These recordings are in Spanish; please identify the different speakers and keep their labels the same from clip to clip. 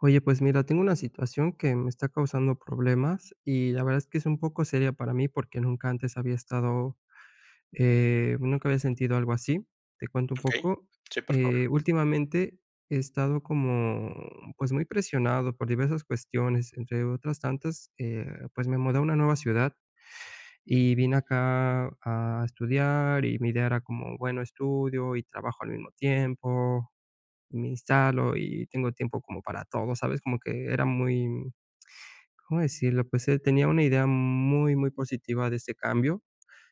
Speaker 1: Oye, pues mira, tengo una situación que me está causando problemas y la verdad es que es un poco seria para mí porque nunca antes había estado, eh, nunca había sentido algo así. Te cuento un
Speaker 2: Okey.
Speaker 1: poco.
Speaker 2: Sí, por favor.
Speaker 1: Eh, últimamente, he estado como, pues, muy presionado por diversas cuestiones, entre otras tantas, eh, pues, me mudé a una nueva ciudad y vine acá a estudiar y mi idea era como bueno estudio y trabajo al mismo tiempo, me instalo y tengo tiempo como para todo, ¿sabes? Como que era muy, ¿cómo decirlo?, pues, eh, tenía una idea muy muy positiva de este cambio,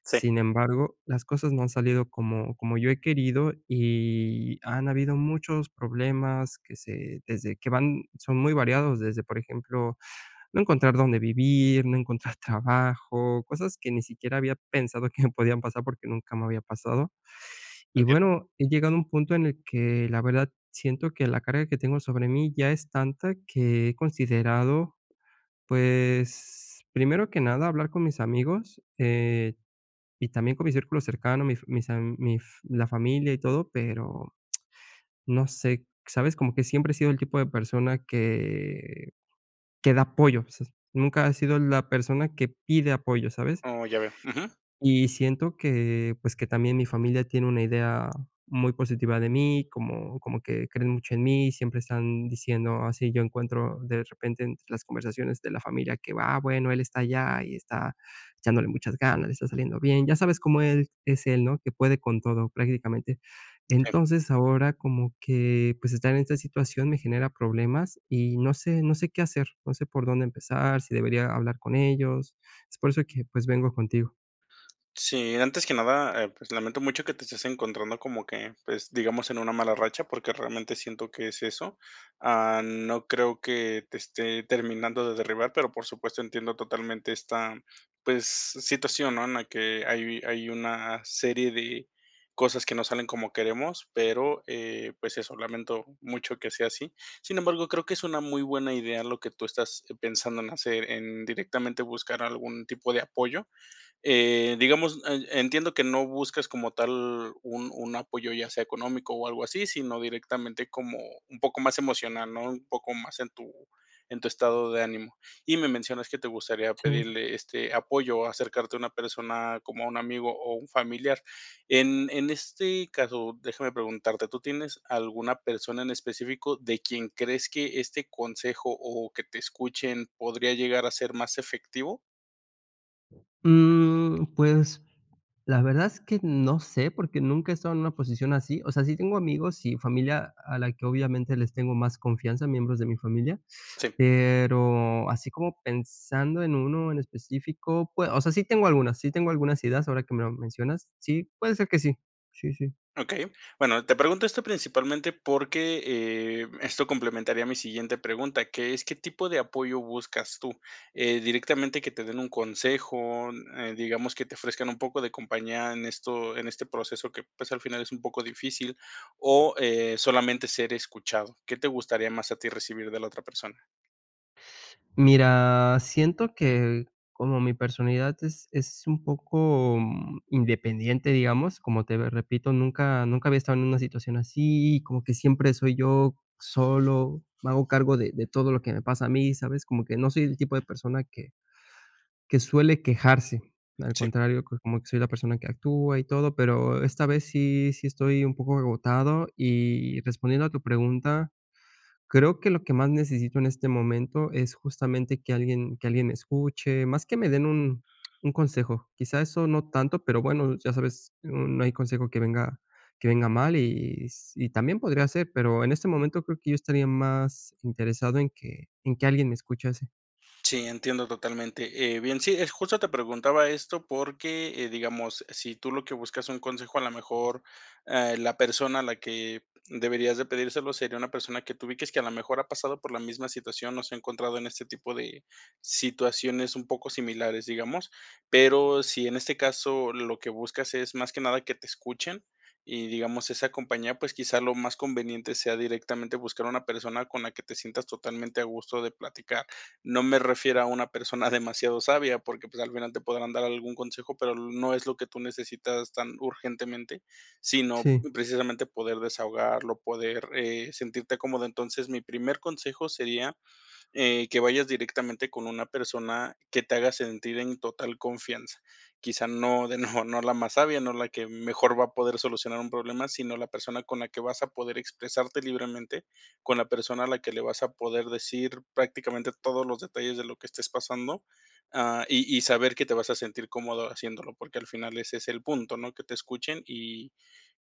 Speaker 2: Sí.
Speaker 1: sin embargo, las cosas no han salido como como yo he querido y han habido muchos problemas que se desde que van son muy variados, desde, por ejemplo, no encontrar dónde vivir, no encontrar trabajo, cosas que ni siquiera había pensado que me podían pasar porque nunca me había pasado y
Speaker 2: Entiendo.
Speaker 1: bueno, he llegado a un punto en el que la verdad siento que la carga que tengo sobre mí ya es tanta que he considerado, pues, primero que nada hablar con mis amigos, eh, y también con mis círculos cercanos, mi fa mis am mi f la familia y todo, pero no sé, ¿sabes?, como que siempre he sido el tipo de persona que que da apoyo, o sea, nunca he sido la persona que pide apoyo, ¿sabes?
Speaker 2: Oh, ya veo, ujú.
Speaker 1: Y siento que, pues, que también mi familia tiene una idea muy positiva de mí como como que creen mucho en mí y siempre están diciendo así yo encuentro de repente entre las conversaciones de la familia que va, bueno, él está allá y está echándole muchas ganas, le está saliendo bien, ya sabes cómo el: "Es él, ¿no? que puede con todo prácticamente".
Speaker 2: Sí.
Speaker 1: Entonces, ahora como que, pues, estar en esta situación me genera problemas y no sé, no sé qué hacer no sé por dónde empezar sí debería hablar con ellos. Es por eso que, pues, vengo contigo.
Speaker 2: Sí, antes que nada, eh, pues, lamento mucho que te estés encontrando como que, pues, digamos, en una mala racha, porque realmente siento que es eso. Ah, no creo que te esté terminando de derribar, pero por supuesto, entiendo totalmente esta, pues, situación, ¿no? En la que hay hay una serie de cosas que no salen como queremos, pero, eh, pues, eso, lamento mucho que sea así. Sin embargo, creo que es una muy buena idea lo que tú estás pensando en hacer, en directamente buscar algún tipo de apoyo. Eh, digamos, e entiendo que no buscas como tal un un apoyo, ya sea económico o algo así, sino directamente como un poco más emocional, ¿no?, un poco más en tu en tu estado de ánimo. Y me mencionas que te gustaría
Speaker 1: Sí.
Speaker 2: pedirle este apoyo o acercarte a una persona, como a un amigo o un familiar. En, en este caso, déjame preguntarte, ¿tú tienes alguna persona en específico de quien crees que este consejo o que te escuchen podría llegar a ser más efectivo?
Speaker 1: Mm, pues, la verdad es que no sé porque nunca he estado en una posición así. O sea, sí tengo amigos y familia a la que obviamente les tengo más confianza, a miembros de mi familia.
Speaker 2: Sí.
Speaker 1: Pero así como pensando en uno en específico, pue o sea, sí, tengo algunas, sí, tengo algunas ideas ahora que me lo mencionas. Sí, puede ser que sí. Sí, sí.
Speaker 2: Okey. Bueno, te pregunto esto principalmente porque, eh, esto complementaría mi siguiente pregunta, que es ¿qué tipo de apoyo buscas tú? Eh, ¿directamente que te den un consejo?, eh, n digamos, ¿que te ofrezcan un poco de compañía en esto en este proceso que, pues, al final es un poco difícil? o eh, ¿solamente ser escuchado? ¿Qué te gustaría más a ti recibir de la otra persona?
Speaker 1: Mira, siento que como mi personalidad es es un poco, mm, independiente, digamos, como, te ve repito, nunca nunca había estado en una situación así, como que siempre soy yo solo, me hago cargo de de todo lo que me pasa a mí, ¿sabes? Como que no soy el tipo de persona que que suele quejarse. Al
Speaker 2: Sí.
Speaker 1: contrario, pues, como que soy la persona que actúa y todo. Pero esta vez sí sí, estoy un poco agotado. Y respondiendo a tu pregunta, creo que lo que más necesito en este momento es justamente que alguien que alguien escuche, más que me den un un consejo. Quizá, eso no tanto, pero bueno, ya sabes, no hay consejo que venga, que venga mal, y s y también podría ser, pero en este momento creo que yo estaría más interesado en que en que alguien me escuchase.
Speaker 2: Sí, entiendo totalmente. Eh, bien, sí, eh, justo te preguntaba esto, porque, eh, digamos, si tú lo que buscas un consejo, a lo mejor, eh, la persona a la que deberías de pedírselo sería una persona que tu ubiques que a lo mejor ha pasado por la misma situación, o se ha encontrado en este tipo de situaciones un poco similares, digamos. Pero si en este caso lo que buscas es más que nada que te escuchen, y digamos esa compañía, pues, quizá lo más conveniente sea directamente buscar a una persona con la que te sientas totalmente a gusto de platicar. No me refiero a una persona demasiado sabia, porque, pues, al final te podrán dar algún consejo, pero no es lo que tú necesitas tan urgentemente, sino
Speaker 1: Sí.
Speaker 2: precisamente poder desahogarlo, poder, eh, sentirte cómodo. Entonces, mi primer consejo sería, eh, que vayas directamente con una persona que te haga sentir en total confianza. Quizá no de no no la más sabia, no la que mejor va a poder solucionar un problema, sino, la persona con la que vas a poder expresarte libremente, con la persona a la que le vas a poder decir prácticamente todos los detalles de lo que estés pasando, ah, y y saber que te vas a sentir cómodo haciéndolo, porque al final ese es el punto, ¿no? Que te escuchen, y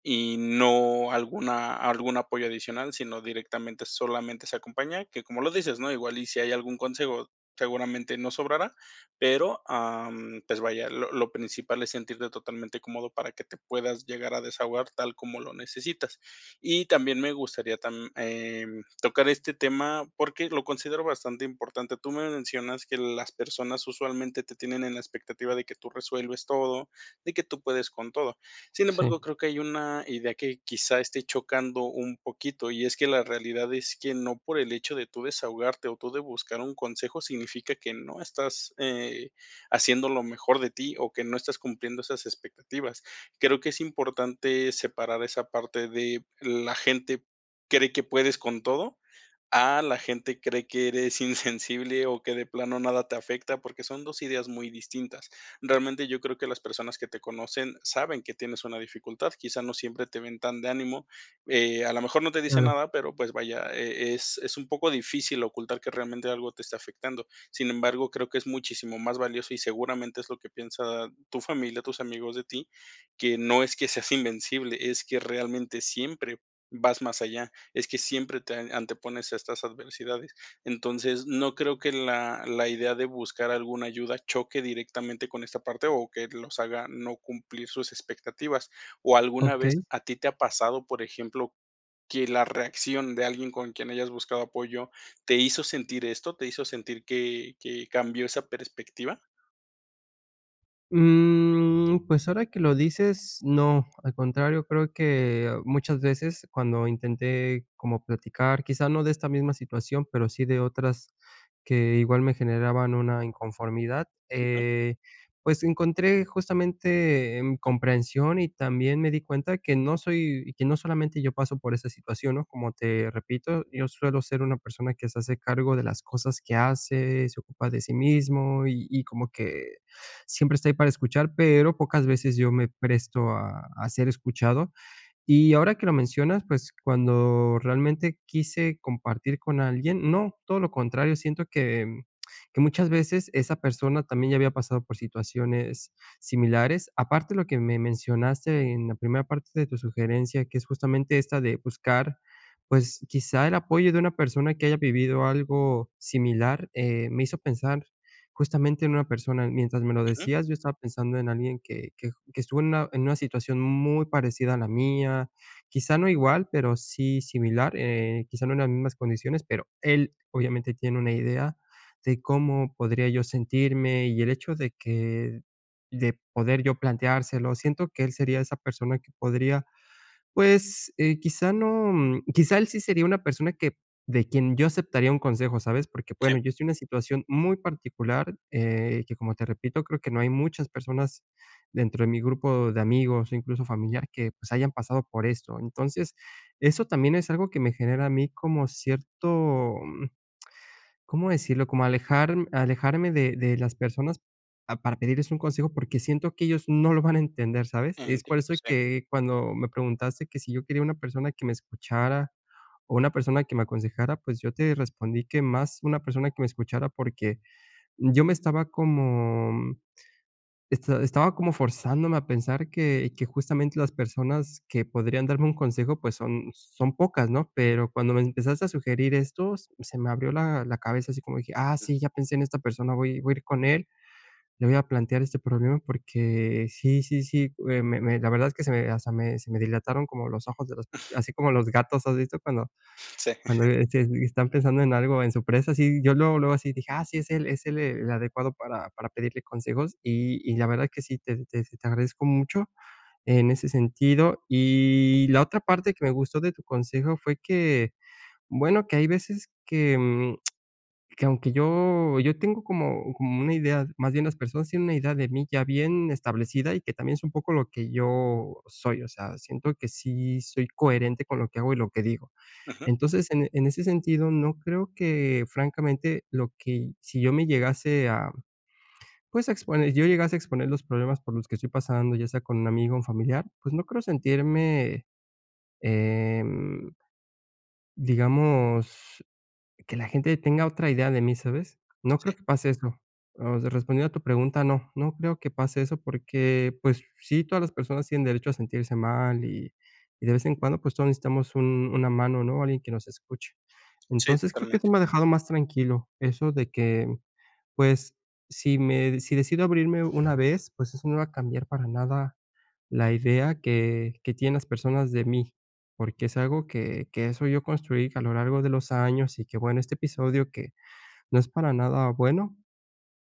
Speaker 2: y no alguna algún apoyo adicional, sino directamente solamente esa compañía, que como lo dices, ¿no? Igual y si hay algún consejo, seguramente no sobrará, pero, am, pues, vaya, lo lo principal es sentirte totalmente cómodo para que te puedas llegar a desahogar tal como lo necesitas. Y también me gustaría tam eh, tocar este tema porque lo considero bastante importante. Tú me mencionas que las personas usualmente te tienen en la expectativa de que tú resuelves todo, de que tú puedes con todo. Sin
Speaker 1: Sí.
Speaker 2: embargo, creo que hay una idea que, quizá, esté chocando un poquito, y es que la realidad es que no por el hecho de tú desahogarte, o tú de buscar un consejo significa que no estás, eh, haciendo lo mejor de ti, o que no estás cumpliendo esas expectativas. Creo que es importante separar esa parte de la gente cree que puedes con todo, a la gente cree que eres insensible, o que de plano nada te afecta, porque son dos ideas muy distintas. Realmente yo creo que las personas que te conocen saben que tienes una dificultad. Quizá no siempre te ven tan de ánimo, eh, a lo mejor no te dice
Speaker 1: Claro.
Speaker 2: nada, pero pues vaya, eh, es es un poco difícil ocultar que realmente algo te esté afectando. Sin embargo, creo que es muchísimo más valioso, y seguramente es lo que piensa tu familia, tus amigos de ti, que no es que seas invencible es que realmente siempre vas más allá. Es que siempre te antepones a estas adversidades. Entonces, no creo que la la idea de buscar alguna ayuda choque directamente con esta parte, o que los haga no cumplir sus expectativas, o ¿alguna vez
Speaker 1: Okey.
Speaker 2: a ti te ha pasado, por ejemplo, que la reacción de alguien con quien hayas buscado apoyo te hizo sentir esto te hizo sentir que que cambió esa perspectiva?
Speaker 1: Mm, pues ahora que lo dices, no. Al contrario, creo que, muchas veces, cuando intenté como platicar, quizá no de esta misma situación, pero sí de otras, que igual me generaban una inconformidad,
Speaker 2: Ujú.
Speaker 1: eh, pues, encontré justamente em, comprensión. Y también me di cuenta, que no soy y que no solamente yo paso por esa situación, ¿no? Como te repito, yo suelo ser una persona que se hace cargo de las cosas que hace, se ocupa de sí mismo, y y como que, siempre está ahí para escuchar, pero pocas veces yo me presto a a ser escuchado. Y ahora que lo mencionas, pues cuando realmente quise compartir con alguien, no, todo lo contrario. Siento que em, que muchas veces, esa persona, también ya había pasado por situaciones similares. Aparte, lo que me mencionaste en la primera parte de tu sugerencia, que es justamente esta de buscar, pues, quizá el apoyo de una persona que haya vivido algo similar. Eh, me hizo pensar, justamente, en una persona. Mientras me lo
Speaker 2: Ujú.
Speaker 1: decías, yo estaba pensando en alguien que que j que estuvo en una en una situación muy parecida a la mía. Quizá no igual, pero sí similar. Eh, quizá no en las mismas condiciones. Pero él, obviamente, tiene una idea de cómo podría yo sentirme. Y el hecho de que de poder yo planteárselo. Siento que él sería esa persona que podría, pues, eh, quizá no, mm, quizá él sí sería una persona que de quien yo aceptaría un consejo, ¿sabes? Porque,
Speaker 2: Sí.
Speaker 1: bueno, yo estoy en una situación muy particular, eh, que como te repito, creo que no hay muchas personas, dentro de mi grupo de amigos, incluso familiar, que pues, hayan pasado por esto. Entonces, eso también es algo que me genera a mí como cierto, mm, ¿cómo decirlo? Como alejarm alejarme de de las personas, ah, p a para pedirles un consejo, porque siento que ellos no lo van a entender, ¿sabes? Es por
Speaker 2: Entiendo,
Speaker 1: eso
Speaker 2: sí.
Speaker 1: que cuando me preguntaste, que si yo quería una persona que me escuchara o una persona que me aconsejara, pues, yo te respondí, que más una persona que me escuchara, porque, yo me estaba como mm, esta estaba como forzándome a pensar que que justamente las personas que podrían darme un consejo, pues, son son pocas, ¿no? Pero cuando me empezaste a sugerir esto, se me abrió la la cabeza, así como dije: "ah,
Speaker 2: Ujú.
Speaker 1: sí, ya pensé en esta persona". Voy voy a ir con él, le voy a plantear este problema, porque sí sí sí, eh, me me la verdad es que se me hasta me se me dilataron como los ojos, de las pupi así como los gatos, ¿has visto cuando
Speaker 2: Sí.
Speaker 1: cuando, eh, este, están pensando en algo, en su presa? Así, yo luego, luego así, dije: "Ah, sí, es él es él, el adecuado para para pedirle consejos". Y y la verdad que sí te te te agradezco mucho en ese sentido. Y la otra parte que me gustó de tu consejo, fue que, bueno, que hay veces que, mm, que aunque yo yo tengo como como una idea más bien, las personas tienen una idea de mí, ya bien establecida, y que también es un poco lo que yo soy. O sea, siento que sí soy coherente con lo que hago y lo que digo.
Speaker 2: Ujú.
Speaker 1: Entonces en en ese sentido, no creo que francamente, lo que y si yo me llegase, ah, pues, a exponer yo llegase a exponer los problemas por los que estoy pasando, ya sea con un amigo o un familiar. Pues, no creo sentirme, em digamos, que la gente tenga otra idea de mí, ¿sabes? No creo
Speaker 2: Sí.
Speaker 1: que pase eso. Osea, respondiendo a tu pregunta, no no creo que pase eso, porque, pues sí, todas las personas tienen derecho a sentirse mal. Y y de vez en cuando, pues, todos necesitamos un una mano, ¿no? Alguien que nos escuche.
Speaker 2: Sí,
Speaker 1: Entonces, creo que esto
Speaker 2: totalmente.
Speaker 1: me ha dejado más tranquilo. Eso de que, pues, si me si decido abrirme una vez, pues eso no va a cambiar para nada la idea que que tienen las personas de mí, porque es algo que que eso yo construí a lo largo de los años. Y que, bueno, este episodio que no es para nada bueno,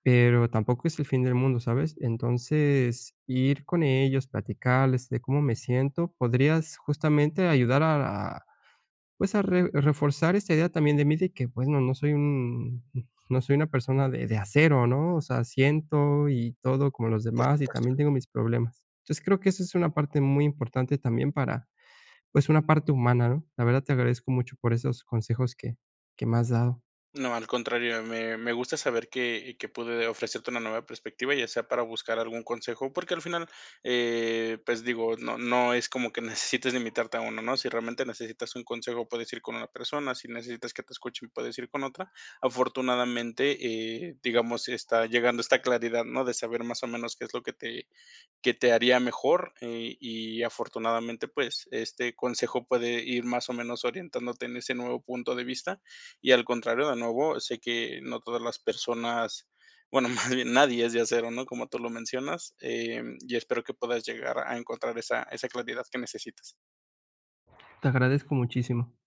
Speaker 1: pero tampoco es el fin del mundo, ¿sabes? Entonces, ir con ellos, platicarles de cómo me siento. Podrías justamente ayudar a a, pues, a re reforzar esta idea también de mí, de que bueno, no soy un no soy una persona de de acero, ¿no? O sea, siento y todo como los
Speaker 2: Por
Speaker 1: demás, y
Speaker 2: supuesto.
Speaker 1: también tengo mis problemas. Entonces, creo que eso es una parte muy importante también, para, pues, una parte humana, ¿no? La verdad, te agradezco mucho por esos consejos que que me has dado.
Speaker 2: No, al contrario. Me me gusta saber que que, pude ofrecerte una nueva perspectiva, ya sea para buscar algún consejo. Porque al final, eh, pues digo, no no es como que necesites limitarte a uno, ¿no? Si realmente necesitas un consejo, puedes ir con una persona, si necesitas que te escuchen, puedes ir con otra. Afortunadamente, eh, digamos, está llegando esta claridad, ¿no?, de saber más o menos qué es lo que te que te haría mejor. Eh, y afortunadamente, pues, este consejo puede ir más o menos orientándote en ese nuevo punto de vista. Y, al contrario, de nuevo, sé que no todas las personas, bueno, más bien, nadie es de acero, ¿no?, como tú lo mencionas. Em, y espero que puedas llegar a encontrar esa esa claridad que necesitas.
Speaker 1: Te agradezco muchísimo.